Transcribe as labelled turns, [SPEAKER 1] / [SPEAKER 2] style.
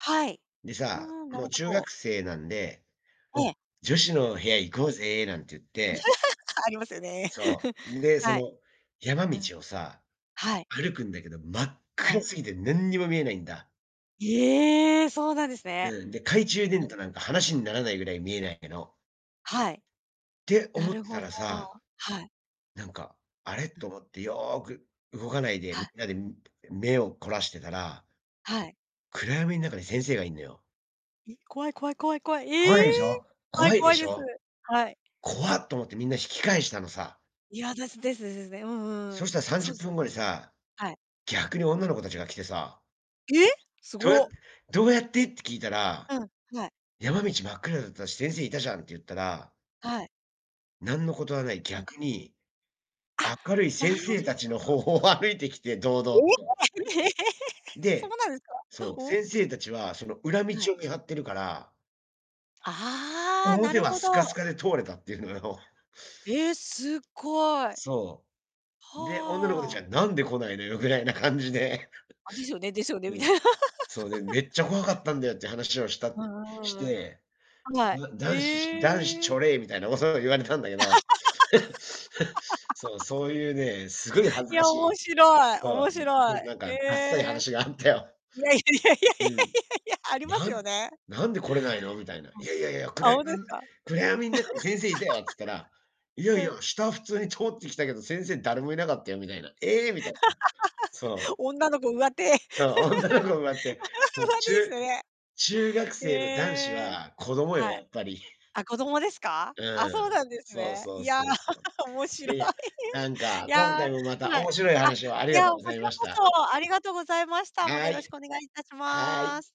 [SPEAKER 1] はい。
[SPEAKER 2] で
[SPEAKER 1] う
[SPEAKER 2] さ、
[SPEAKER 1] ーん、な
[SPEAKER 2] もう
[SPEAKER 1] るほ
[SPEAKER 2] 中
[SPEAKER 1] ど。
[SPEAKER 2] 学生なんで、
[SPEAKER 1] え
[SPEAKER 2] お、
[SPEAKER 1] え。
[SPEAKER 2] 「女子の部屋行こ
[SPEAKER 1] はい、
[SPEAKER 2] うぜ」なんて言って
[SPEAKER 1] ありますよね。
[SPEAKER 2] そ う、で、そ
[SPEAKER 1] はい。
[SPEAKER 2] の山
[SPEAKER 1] うん、
[SPEAKER 2] 道をさ、
[SPEAKER 1] はい。
[SPEAKER 2] 歩くんだけど、真っ
[SPEAKER 1] は
[SPEAKER 2] 暗
[SPEAKER 1] い。
[SPEAKER 2] すぎてなんにも見えないんだ。
[SPEAKER 1] ええ、そうなんですね、
[SPEAKER 2] うん、で、懐中電 灯なんか話にならないぐらい見えないけど
[SPEAKER 1] はい。
[SPEAKER 2] って
[SPEAKER 1] な
[SPEAKER 2] 思っ
[SPEAKER 1] る
[SPEAKER 2] てた
[SPEAKER 1] ほど、
[SPEAKER 2] らさ
[SPEAKER 1] はい。
[SPEAKER 2] なんか、「あれ」
[SPEAKER 1] うん。
[SPEAKER 2] と思ってよく動かないで
[SPEAKER 1] は
[SPEAKER 2] みん
[SPEAKER 1] い。
[SPEAKER 2] なで目を凝らしてたら
[SPEAKER 1] はい。
[SPEAKER 2] 暗闇ん中に先生がいんのよ。
[SPEAKER 1] え、怖い怖い怖い怖い、え
[SPEAKER 2] 怖
[SPEAKER 1] え！
[SPEAKER 2] いでしょ、
[SPEAKER 1] はい、
[SPEAKER 2] 怖いで
[SPEAKER 1] 怖い
[SPEAKER 2] し
[SPEAKER 1] です。
[SPEAKER 2] ょ？
[SPEAKER 1] はい。
[SPEAKER 2] 「怖」と思ってみんな引き返したのさ。
[SPEAKER 1] いや、です-ですですね。うんうんう
[SPEAKER 2] そ
[SPEAKER 1] ん。
[SPEAKER 2] したらさん
[SPEAKER 1] そ
[SPEAKER 2] じゅ
[SPEAKER 1] う
[SPEAKER 2] っ
[SPEAKER 1] す
[SPEAKER 2] ぷ
[SPEAKER 1] よ、
[SPEAKER 2] んごにさ、
[SPEAKER 1] はい。
[SPEAKER 2] 逆に女の子たちが来てさ
[SPEAKER 1] え！す
[SPEAKER 2] 「どうやっ
[SPEAKER 1] ご。
[SPEAKER 2] どうやって？」って聞いたら、
[SPEAKER 1] うん、はい。
[SPEAKER 2] 「山道真っ暗だったし、先生いたじゃん」って言ったら
[SPEAKER 1] はい。
[SPEAKER 2] なんのことはない、逆に、
[SPEAKER 1] あ、
[SPEAKER 2] 明るい
[SPEAKER 1] な
[SPEAKER 2] 先
[SPEAKER 1] るほど。
[SPEAKER 2] 生たちの方を歩いてきて、堂々と。
[SPEAKER 1] ええ、そう
[SPEAKER 2] で、
[SPEAKER 1] なんですか？
[SPEAKER 2] そう、
[SPEAKER 1] おお。
[SPEAKER 2] 先生たちはその裏道
[SPEAKER 1] はい。
[SPEAKER 2] を見張ってるから
[SPEAKER 1] ああ、な
[SPEAKER 2] 「表
[SPEAKER 1] る
[SPEAKER 2] は
[SPEAKER 1] ほ
[SPEAKER 2] スカス
[SPEAKER 1] ど。
[SPEAKER 2] カで通れた」っていうのよ。
[SPEAKER 1] え、すっごい。
[SPEAKER 2] そう、で、女の子
[SPEAKER 1] は
[SPEAKER 2] たち
[SPEAKER 1] あ。
[SPEAKER 2] は「なんで来ないのよ」ぐらいな感じで
[SPEAKER 1] あ、ですよねですよね、み
[SPEAKER 2] う
[SPEAKER 1] た
[SPEAKER 2] ん、
[SPEAKER 1] いな。
[SPEAKER 2] そう、で「め っちゃ怖かったんだよ」っていう話をし
[SPEAKER 1] う
[SPEAKER 2] たし
[SPEAKER 1] ーん、
[SPEAKER 2] て、
[SPEAKER 1] は
[SPEAKER 2] 「う
[SPEAKER 1] い、
[SPEAKER 2] わ、男子男子
[SPEAKER 1] へ
[SPEAKER 2] ち
[SPEAKER 1] え。
[SPEAKER 2] ょれい」みたいな、もそういうの言われたんだけど、そう、そういうね、すごい恥
[SPEAKER 1] い
[SPEAKER 2] ずか
[SPEAKER 1] や、
[SPEAKER 2] し
[SPEAKER 1] 面
[SPEAKER 2] い
[SPEAKER 1] 白い
[SPEAKER 2] そ
[SPEAKER 1] 面
[SPEAKER 2] う、そ
[SPEAKER 1] 白い、
[SPEAKER 2] う、なん
[SPEAKER 1] え
[SPEAKER 2] か、ダッサい
[SPEAKER 1] え。
[SPEAKER 2] 話があったよ。
[SPEAKER 1] いやいやいやい
[SPEAKER 2] う
[SPEAKER 1] や
[SPEAKER 2] ん。
[SPEAKER 1] いや。あります
[SPEAKER 2] 「な
[SPEAKER 1] よ
[SPEAKER 2] ん
[SPEAKER 1] ね。
[SPEAKER 2] なんで来れないの？」みたいな。「い やいやいや、く
[SPEAKER 1] あ、
[SPEAKER 2] らや
[SPEAKER 1] ほんとですか？
[SPEAKER 2] 暗闇ん中に先生いたよ」っつったら、「い やい
[SPEAKER 1] うん。
[SPEAKER 2] や、下は普通に通ってきたけど、先生誰もいなかったよ」みたいな。「ええ！」みたいなそ う。
[SPEAKER 1] 女の子上手。
[SPEAKER 2] そう、女の子上手、
[SPEAKER 1] 上
[SPEAKER 2] そう、
[SPEAKER 1] 手です
[SPEAKER 2] 中
[SPEAKER 1] よね。
[SPEAKER 2] 中学
[SPEAKER 1] へ
[SPEAKER 2] 生の男子
[SPEAKER 1] え。
[SPEAKER 2] は子供よ、
[SPEAKER 1] は
[SPEAKER 2] や
[SPEAKER 1] い。
[SPEAKER 2] っぱり。
[SPEAKER 1] あ、子供ですか？あ、そうな
[SPEAKER 2] うん、
[SPEAKER 1] んです
[SPEAKER 2] そう
[SPEAKER 1] ね。
[SPEAKER 2] そう
[SPEAKER 1] いや、
[SPEAKER 2] そうそう。
[SPEAKER 1] 面
[SPEAKER 2] い
[SPEAKER 1] 白
[SPEAKER 2] や
[SPEAKER 1] い。
[SPEAKER 2] いや、なんか、
[SPEAKER 1] い
[SPEAKER 2] 今
[SPEAKER 1] や、
[SPEAKER 2] 回もまた
[SPEAKER 1] はい。
[SPEAKER 2] 面白い
[SPEAKER 1] あ、
[SPEAKER 2] 話をあり
[SPEAKER 1] い
[SPEAKER 2] がと
[SPEAKER 1] や、
[SPEAKER 2] うご
[SPEAKER 1] こ
[SPEAKER 2] ざい
[SPEAKER 1] ちら
[SPEAKER 2] まし
[SPEAKER 1] こ
[SPEAKER 2] た。
[SPEAKER 1] そ、ありがとうございました。また
[SPEAKER 2] は
[SPEAKER 1] よろし
[SPEAKER 2] い。
[SPEAKER 1] くお願い致し
[SPEAKER 2] は
[SPEAKER 1] ま
[SPEAKER 2] い。
[SPEAKER 1] す。